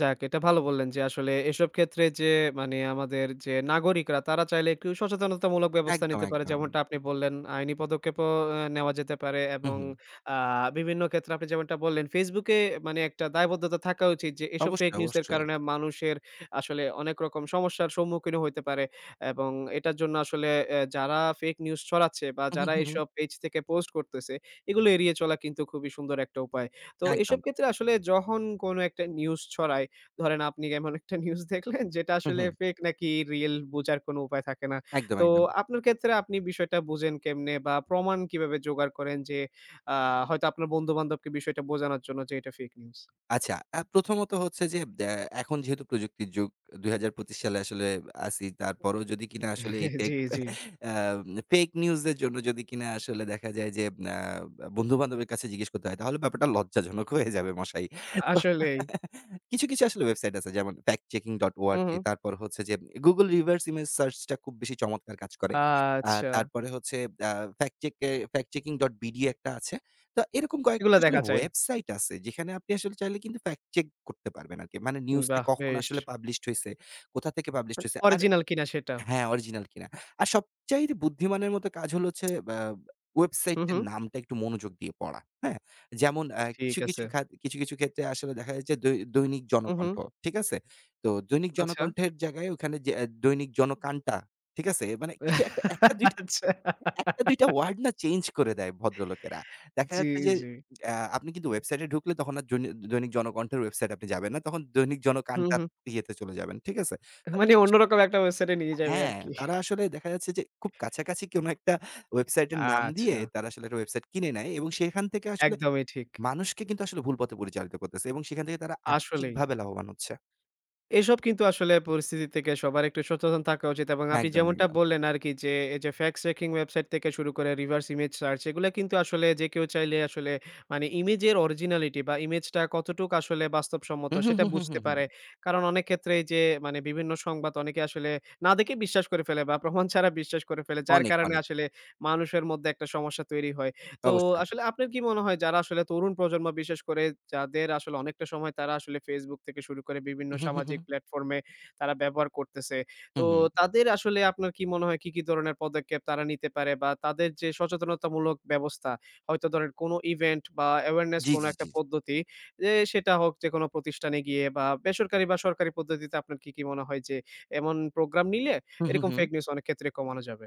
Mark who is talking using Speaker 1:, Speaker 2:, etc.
Speaker 1: যাক, এটা ভালো বললেন যে আসলে এসব ক্ষেত্রে যে মানে আমাদের যে নাগরিকরা তারা চাইলে একটু সচেতনতামূলক ব্যবস্থা
Speaker 2: একদম,
Speaker 1: নিতে পারে।
Speaker 2: একদম।
Speaker 1: যেমনটা আপনি বললেন আইনি পদক্ষেপ অ ও নেওয়া যেতে পারে
Speaker 2: হুম,
Speaker 1: এবং
Speaker 2: হুম।
Speaker 1: আ বিভিন্ন ক্ষেত্রে আপনি যেমনটা বললেন Facebook এ মানে একটা দায়বদ্ধতা থাকা উচিত যে এসব ফেক
Speaker 2: অবশ্যই,
Speaker 1: নিউজ এর
Speaker 2: অবশ্যই।
Speaker 1: কারণে মানুষের আসলে অনেক রকম সমস্যার সম্মুখীনও হইতে পারে। এবং এটার জন্য আসলে অ্যা যারা ফেক নিউজ ছড়াচ্ছে বা
Speaker 2: উহু,
Speaker 1: যারা
Speaker 2: হু, হু।
Speaker 1: এইসব পেজ থেকে পোস্ট করতেছে, এগুলো এড়িয়ে চলা কিন্তু খুবই সুন্দর একটা উপায়। তো এসব
Speaker 2: একদম।
Speaker 1: ক্ষেত্রে আসলে যখন কোন একটা নিউজ ছড়ায়, ধরেন আপনি এমন একটা নিউজ দেখলেন যেটা
Speaker 2: হুম,
Speaker 1: আসলে
Speaker 2: হুম।
Speaker 1: ফেক নাকি রিয়েল বোঝার কোন উপায় থাকে না।
Speaker 2: একদম,
Speaker 1: তো
Speaker 2: একদম।
Speaker 1: আপনার ক্ষেত্রে আপনি বিষয়টা বুঝেন কেমনে? বা প্রমাণ কিভাবে জোগাড় করেন যে আ হয়তো আপনার বন্ধু-বান্ধবকে বিষয়টা বোঝানোর জন্য যে এটা ফেক নিউজ।
Speaker 2: আচ্ছা, আ প্রথমত হচ্ছে যে দ্যা এখন যেহেতু প্রযুক্তির যুগ ২০২৫ সালে আসলে আছি। তারপরও যদি কিনা আসলে এই ফেক,
Speaker 1: জ্বি, জ্বি।
Speaker 2: অ্যাম ফেক নিউজ এর জন্য যদি কিনা আসলে দেখা যায় যে অ্যা বন্ধু-বান্ধবের কাছে জিজ্ঞেস করতে হয় তাহলে ব্যাপারটা লজ্জাজনক হয়ে যাবে মশাই।
Speaker 1: আসলেই।
Speaker 2: কিছু, কিছু আসলে ওয়েবসাইট আছে যেমন
Speaker 1: উম
Speaker 2: 'FactChecking.org'
Speaker 1: হুম।
Speaker 2: তারপর হচ্ছে যে 'গুগল রিভার্স ইমেজ সার্চ' টা খুব বেশি চমৎকার কাজ করে। আ
Speaker 1: আচ্ছা।
Speaker 2: তারপরে হচ্ছে অ্যা ফ্যাক্ট চেক এ 'FactChecking.bd' একটা আছে। তো এরকম কয়েকটা
Speaker 1: এগুলা
Speaker 2: আসলে
Speaker 1: দেখা যায়।
Speaker 2: ওয়েবসাইট আছে যেখানে আপনি আসলে চাইলে কিন্তু ফ্যাক্ট চেক করতে পারবেন আরকি। মানে
Speaker 1: হুম,
Speaker 2: নিউজটা
Speaker 1: বাহ,
Speaker 2: কখন
Speaker 1: বেশ!
Speaker 2: আসলে পাবলিশড হইছে, কোথা থেকে পাবলিশড হয়েছে। আর
Speaker 1: অরিজিনাল কিনা সেটা।
Speaker 2: হ্যাঁ, অরিজিনাল কিনা। আর সবচাইতে বুদ্ধিমানের মতো কাজ হলো হচ্ছে অ্যা
Speaker 1: হুম,
Speaker 2: ওয়েবসাইটটার
Speaker 1: হুম।
Speaker 2: নামটা একটু মনোযোগ দিয়ে পড়া। হ্যাঁ? যেমন অ্যা
Speaker 1: ঠিক
Speaker 2: কিছু, কিছু
Speaker 1: আছে।
Speaker 2: খাত কিছু, কিছু ক্ষেত্রে আসলে দেখা যাচ্ছে দৈ দৈনিক
Speaker 1: হুম, হুম।
Speaker 2: জনকণ্ঠ। ঠিক আছে? তো দৈনিক
Speaker 1: আচ্ছা।
Speaker 2: জনকণ্ঠের জায়গায় ওখানে যেয়ে আ দৈনিক জনকাণটা, ঠিক আছে? অ্যা মানে কিছু একটা, ১ টা ২ টা
Speaker 1: আচ্ছা।
Speaker 2: ১ টা ২ টা ওয়ার্ড না চেঞ্জ করে দেয় ভদ্রলোকেরা। দেখা
Speaker 1: জ্বী,
Speaker 2: যাচ্ছে যে,
Speaker 1: জ্বী।
Speaker 2: অ্যা আপনি কিন্তু ওয়েবসাইটে এ ঢুকলে তখন আর জইন দৈনিক জনকণ্ঠের ওয়েবসাইটে আপনি যাবেন না। তখন দৈনিক
Speaker 1: হুম,
Speaker 2: জনকাণটা
Speaker 1: হুম।
Speaker 2: ইয়েতে চলে যাবেন। ঠিক আছে?
Speaker 1: এ
Speaker 2: তো
Speaker 1: মানে
Speaker 2: [unintelligible]
Speaker 1: অন্যরকম একটা ওয়েবসাইটে এ নিয়ে যাবে
Speaker 2: হ্যাঁ,
Speaker 1: আরকি।
Speaker 2: তারা আসলে দেখা যাচ্ছে যে খুব কাছাকাছি কোন একটা ওয়েবসাইট এর নাম দিয়ে
Speaker 1: আচ্ছা।
Speaker 2: তারা আসলে ওয়েবসাইট কিনে নেয় এবং সেখান থেকে আসলে
Speaker 1: একদমই ঠিক।
Speaker 2: মানুষকে কিন্তু আসলে ভুল পথে পরিচালিত করতেছে এবং সেখান থেকে তারা
Speaker 1: আসলেই।
Speaker 2: আর্থিকভাবে লাভবান হচ্ছে।
Speaker 1: এসব কিন্তু আসলে পরিস্থিতি থেকে সবার একটু সচেতন থাকা উচিত। এবং আপনি
Speaker 2: একদম,
Speaker 1: যেমনটা
Speaker 2: একদম।
Speaker 1: বললেন আরকি যে এই যে ফ্যাক্টস চেকিং ওয়েবসাইট থেকে শুরু করে রিভার্স ইমেজ সার্চ এগুলা কিন্তু আসলে যে কেউ চাইলে আসলে মানে ইমেজের অরিজিনালিটি বা ইমেজটা কতটুকু আসলে বাস্তবসম্মত
Speaker 2: হুম, হুম,
Speaker 1: সেটা
Speaker 2: হুম, হুম,
Speaker 1: বুঝতে
Speaker 2: হুম, হুম।
Speaker 1: পারে। কারণ অনেক ক্ষেত্রেই যে মানে বিভিন্ন সংবাদ অনেকে আসলে না দেখে বিশ্বাস করে ফেলে বা প্রমাণ ছাড়া বিশ্বাস করে ফেলে। যার
Speaker 2: অনেক,
Speaker 1: কারণে
Speaker 2: অনেক।
Speaker 1: আসলে মানুষের মধ্যে একটা সমস্যা তৈরি হয়। তো
Speaker 2: অবশ্যই।
Speaker 1: আসলে আপনার কি মনে হয় যারা আসলে তরুণ প্রজন্ম বিশেষ করে যাদের আসলে অনেকটা সময় তারা আসলে Facebook থেকে শুরু করে বিভিন্ন
Speaker 2: উহু। হু,
Speaker 1: সামাজিক
Speaker 2: হু।
Speaker 1: প্লাটফর্ম এ তারা ব্যবহার করতেছে।
Speaker 2: হুম,
Speaker 1: তো
Speaker 2: হুম।
Speaker 1: তাদের আসলে আপনার কি মনে হয় কি, কি ধরনের পদক্ষেপ তারা নিতে পারে বা তাদের যে সচেতনতামূলক ব্যবস্থা হয়তো ধরেন, কোন ইভেন্ট বা awareness
Speaker 2: জ্বী,
Speaker 1: কোনো
Speaker 2: জ্বী,
Speaker 1: একটা
Speaker 2: জ্বী, জ্বী।
Speaker 1: পদ্ধতি যে সেটা হোক যে কোন প্রতিষ্ঠানে গিয়ে বা বেসরকারি বা সরকারি পদ্ধতিতে আপনার কি, কি মনে হয়? যে এমন প্রোগ্রাম নিলে
Speaker 2: হুম, হুম,
Speaker 1: এরকম
Speaker 2: হুম।
Speaker 1: ফেক নিউজ অনেক ক্ষেত্রে কমানো যাবে?